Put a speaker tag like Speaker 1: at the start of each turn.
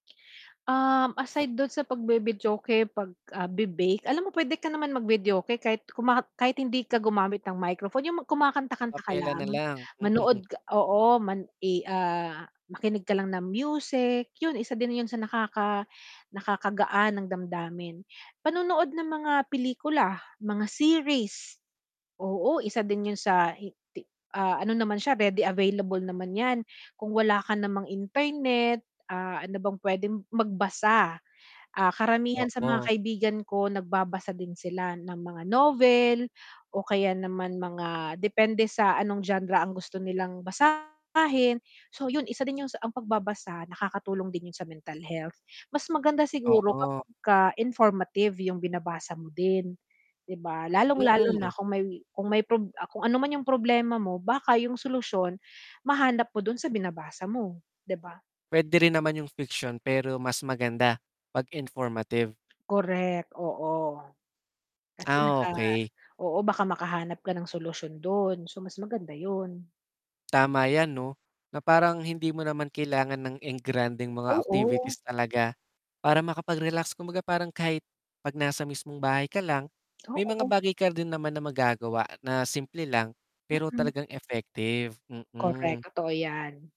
Speaker 1: Um, aside dun sa pag-vivideoke, pag ah, be bake, alam mo pwede ka naman mag videoke kahit huma kahit hindi ka gumamit ng microphone, yung kumakanta-kanta ka
Speaker 2: Acapella na
Speaker 1: lang?
Speaker 2: lang.
Speaker 1: Manood oo man eh, ah, makinig ka lang ng music, yun isa din yun sa nakaka nakaka-gaan ng damdamin. Panonood ng mga pelikula, mga series. Oo isa din yun sa i ti ano naman siya ready available naman yan. Kung wala ka namang internet, ah, ano bang pwedeng magbasa. Ah, karamihan sa mga
Speaker 2: Oo.
Speaker 1: kaibigan ko nagbabasa din sila ng mga novel, o kaya naman mga depende sa anong genre ang gusto nilang basahin. So yun, isa din yung ang pagbabasa, nakakatulong din yun sa mental health. Mas maganda siguro
Speaker 2: Oo.
Speaker 1: kapagka informative yung binabasa mo din. Di ba? Lalong-lalo
Speaker 2: Mm.
Speaker 1: na kung may kung may prob kung ano man yung problema mo, baka yung solusyon, mahanap mo dun sa binabasa mo, di ba?
Speaker 2: Pwede rin naman yung fiction pero mas maganda 'pag informative.
Speaker 1: Correct, oo. Kasi
Speaker 2: Ah,
Speaker 1: naka
Speaker 2: okey.
Speaker 1: oo, baka makahanap ka ng solusyon dun, so mas maganda yun.
Speaker 2: Tama yan 'no. Na parang hindi mo naman kailangan ng engrandeng mga
Speaker 1: Oo.
Speaker 2: activities talaga. Para makapag-relax kumbaga parang kahit pag nasa mismong bahay ka lang, may mga
Speaker 1: Oo.
Speaker 2: bagay ka din naman na magagawa na simple lang. Pero
Speaker 1: Hmm.
Speaker 2: talagang effective, hmm.
Speaker 1: Correct totoo yan.